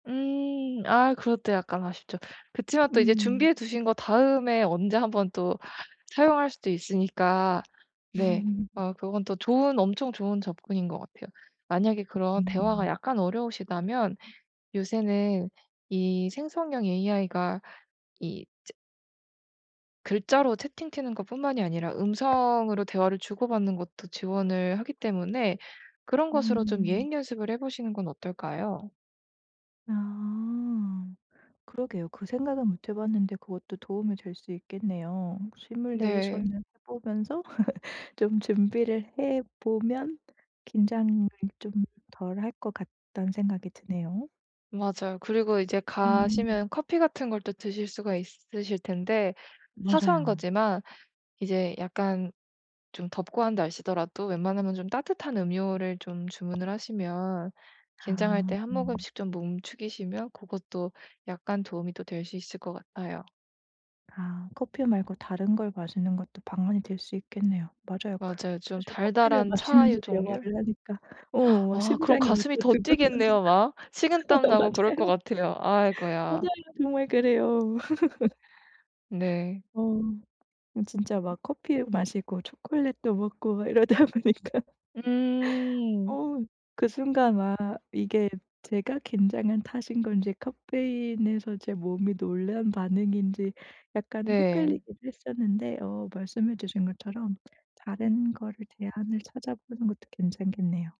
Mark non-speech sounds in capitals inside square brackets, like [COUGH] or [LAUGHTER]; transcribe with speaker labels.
Speaker 1: 음 아 그것도 약간 아쉽죠. 그치만 또 이제
Speaker 2: 음.
Speaker 1: 준비해 두신 거 다음에 언제 한번 또 사용할 수도 있으니까 네 어 그건 또 좋은 엄청 좋은 접근인 것 같아요. 만약에 그런 대화가
Speaker 2: 음.
Speaker 1: 약간 어려우시다면 요새는 이 생성형 에이아이가 이 즈 글자로 채팅치는 것뿐만이 아니라 음성으로 대화를 주고받는 것도 지원을 하기 때문에 그런 것으로 좀
Speaker 2: 음.
Speaker 1: 예행연습을 해 보시는 건 어떨까요?
Speaker 2: 아. 그러게요. 그 생각은 못 해 봤는데 그것도 도움이 될 수 있겠네요.
Speaker 1: 네.
Speaker 2: 시뮬레이션을 해 보면서 [LAUGHS] 좀 준비를 해 보면 '긴장을 좀 덜 할 것 같다.'는 생각이 드네요.
Speaker 1: 맞아요. 그리고 이제
Speaker 2: 음.
Speaker 1: 가시면 커피 같은 걸 또 드실 수가 있으실 텐데 사소한
Speaker 2: 맞아요.
Speaker 1: 거지만 이제 약간 좀 덥고 한 날씨더라도 웬만하면 좀 따뜻한 음료를 좀 주문을 하시면 긴장할
Speaker 2: 아.
Speaker 1: 때 1 모금씩 좀 목 축이시면 고것도 약간 도움이 또 될 수 있을 것 같아요.
Speaker 2: 아 커피 말고 다른 걸 마시는 것도 방안이 될 수 있겠네요. 맞아요. 그
Speaker 1: 맞아요. 좀
Speaker 2: 사실 커피를
Speaker 1: 달달한
Speaker 2: 마시면서
Speaker 1: 차의 종류.
Speaker 2: 대화를 하니까 어
Speaker 1: [GASPS]
Speaker 2: 막
Speaker 1: 아 그럼
Speaker 2: 심장이 막
Speaker 1: 가슴이
Speaker 2: 더
Speaker 1: 더
Speaker 2: 두근거리고
Speaker 1: 뛰겠네요 막.
Speaker 2: 어
Speaker 1: 식은땀 나고 그럴 것
Speaker 2: 맞아요.
Speaker 1: 같아요.
Speaker 2: 맞아요.
Speaker 1: 아이고야.
Speaker 2: 정말 그래요. [LAUGHS]
Speaker 1: 네.
Speaker 2: 어. 음 진짜
Speaker 1: 음.
Speaker 2: 막 커피 마시고 초콜릿도 먹고 막 이러다 보니까
Speaker 1: 음.
Speaker 2: 어 그 순간 아 이게 제가 긴장한 탓인 건지 카페인에서 제 몸이 놀란 반응인지 약간
Speaker 1: 네.
Speaker 2: 헷갈리기도 했었는데 어 말씀해 주신 것처럼 다른 거를 제안을 찾아보는 것도 괜찮겠네요.